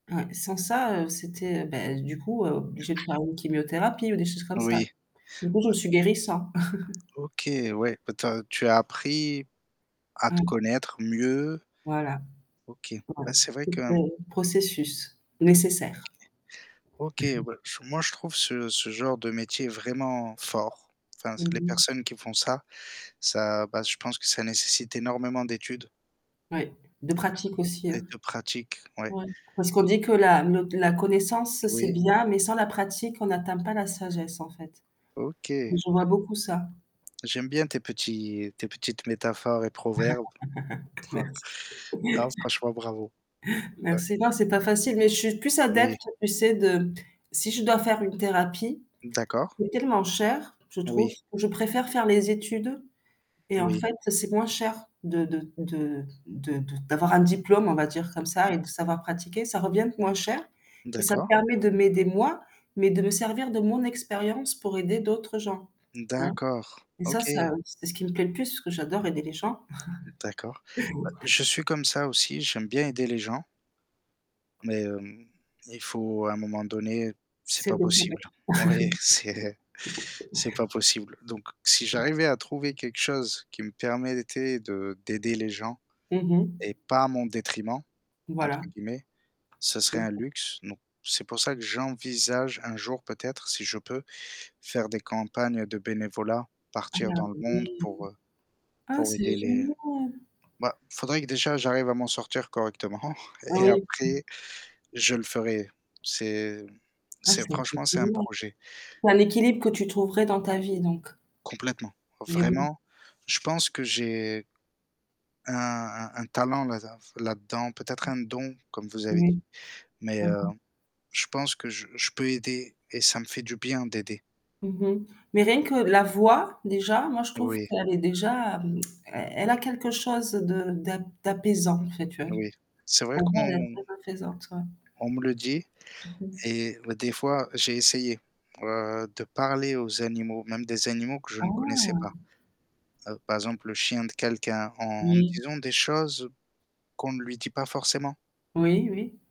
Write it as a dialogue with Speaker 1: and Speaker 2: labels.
Speaker 1: Heu, sans ça, heu, c'était, beh, du coup, obligé de faire une chimiothérapie ou des choses comme ça.
Speaker 2: Oui,
Speaker 1: Du coup je me
Speaker 2: heu
Speaker 1: suis guérie sans.
Speaker 2: OK, ouais. Ben tu as tu as appris à te
Speaker 1: Mmh.
Speaker 2: connaître mieux.
Speaker 1: Voilà,
Speaker 2: OK,
Speaker 1: ouais,
Speaker 2: ben c'est vrai
Speaker 1: faut
Speaker 2: que
Speaker 1: faire un processus nécessaire.
Speaker 2: OK, ben j moi je trouve ce ce genre de métier vraiment fort. Enfin,
Speaker 1: Mmh
Speaker 2: c'est les
Speaker 1: mh.
Speaker 2: personnes qui font ça, ça bah je pense que ça nécessite énormément d'études
Speaker 1: Ouais, de pratique aussi.
Speaker 2: et de pratique, ouais.
Speaker 1: Ouais. Parce qu'on dit que la le la connaissance c'est
Speaker 2: Oui.
Speaker 1: bien, mais sans la pratique on n'atteint pas la sagesse en fait.
Speaker 2: OK.
Speaker 1: Je vois
Speaker 2: Ouais
Speaker 1: beaucoup ça.
Speaker 2: J'aime bien tes petits tes petites métaphores et proverbes. Ouais.
Speaker 1: Merci.
Speaker 2: Non, franchement bravo. Heu
Speaker 1: Merci. Non c'est pas facile, mais je suis plus
Speaker 2: Oui.
Speaker 1: adepte tu sais de si je dois faire une thérapie,
Speaker 2: D'accord.
Speaker 1: c'est tellement cher je trouve,
Speaker 2: Oui.
Speaker 1: je préfère faire mes études et en
Speaker 2: Oui.
Speaker 1: fait c'est moins cher de de de de de d'avoir un diplôme on va dire comme ça et
Speaker 2: Mmh.
Speaker 1: de savoir pratiquer, ça revient moins cher et ça me
Speaker 2: D'accord.
Speaker 1: permet de m'aider moi, mais de me servir de mon expérience pour aider d'autres gens, hein.
Speaker 2: D'accord,
Speaker 1: Et ça, ça
Speaker 2: OK.
Speaker 1: c'est ce qui me plaît le plus parce que j'adore aider les gens.
Speaker 2: Mmh, d'accord. Heu, je suis comme ça aussi, j'aime bien aider les gens mais hem, il faut à un moment donné c'est
Speaker 1: C'est
Speaker 2: pas
Speaker 1: beaucoup, ouais.
Speaker 2: possible. Oui, c'est c'est pas possible. Donc si
Speaker 1: Comment?
Speaker 2: j'arrivais à trouver quelque chose qui me permettait de d'aider les gens
Speaker 1: Mmh mh.
Speaker 2: et «pas à mon détriment», entre
Speaker 1: Voilà.
Speaker 2: guillemets, ça
Speaker 1: Mmh
Speaker 2: serait un
Speaker 1: mh.
Speaker 2: luxe. Donc c'est pour ça que j'envisage un jour peut-être si je peux, faire des campagnes de bénévolat,
Speaker 1: Ah il y a
Speaker 2: partir dans le monde
Speaker 1: oui.
Speaker 2: pour, heu,
Speaker 1: Ah
Speaker 2: pour aider
Speaker 1: c'est
Speaker 2: les
Speaker 1: génial.
Speaker 2: bah faudrait que déjà j'arrive à m'en sortir correctement
Speaker 1: Ah
Speaker 2: et et
Speaker 1: oui, mmh.
Speaker 2: après je le ferai. C'est
Speaker 1: Ah
Speaker 2: c'est
Speaker 1: ça fait
Speaker 2: franchement c'est un
Speaker 1: plaisir.
Speaker 2: projet.
Speaker 1: Tu as l'équilibre que tu trouverais dans ta vie donc.
Speaker 2: Complètement.
Speaker 1: Eh oui.
Speaker 2: Vraiment, je pense que j'ai un un un talent là d là-dedans, peut-être
Speaker 1: Mmh.
Speaker 2: un don comme vous avez dit.
Speaker 1: Oui,
Speaker 2: Mais
Speaker 1: mmh
Speaker 2: heu,
Speaker 1: mh.
Speaker 2: je pense que je je peux aider et ça me fait du bien d'aider.
Speaker 1: Mmh mh. Mais rien que la voix déjà, moi je trouve
Speaker 2: Oui.
Speaker 1: qu'elle est déjà mmh, e elle a quelque chose de d'a d'apaisant en fait, tu vois j
Speaker 2: Oui, c'est vrai
Speaker 1: ta voix elle est
Speaker 2: qu'on
Speaker 1: très apaisante, ouais.
Speaker 2: On me le dit
Speaker 1: Mmh mh.
Speaker 2: et des fois j'ai essayé, heu, de parler aux animaux, même des animaux que je ne connaissais pas.
Speaker 1: Ah.
Speaker 2: Heu, par exemple, le chien de quelqu'un en
Speaker 1: Oui.
Speaker 2: disant des choses qu'on ne lui dit pas forcément.
Speaker 1: Oui oui.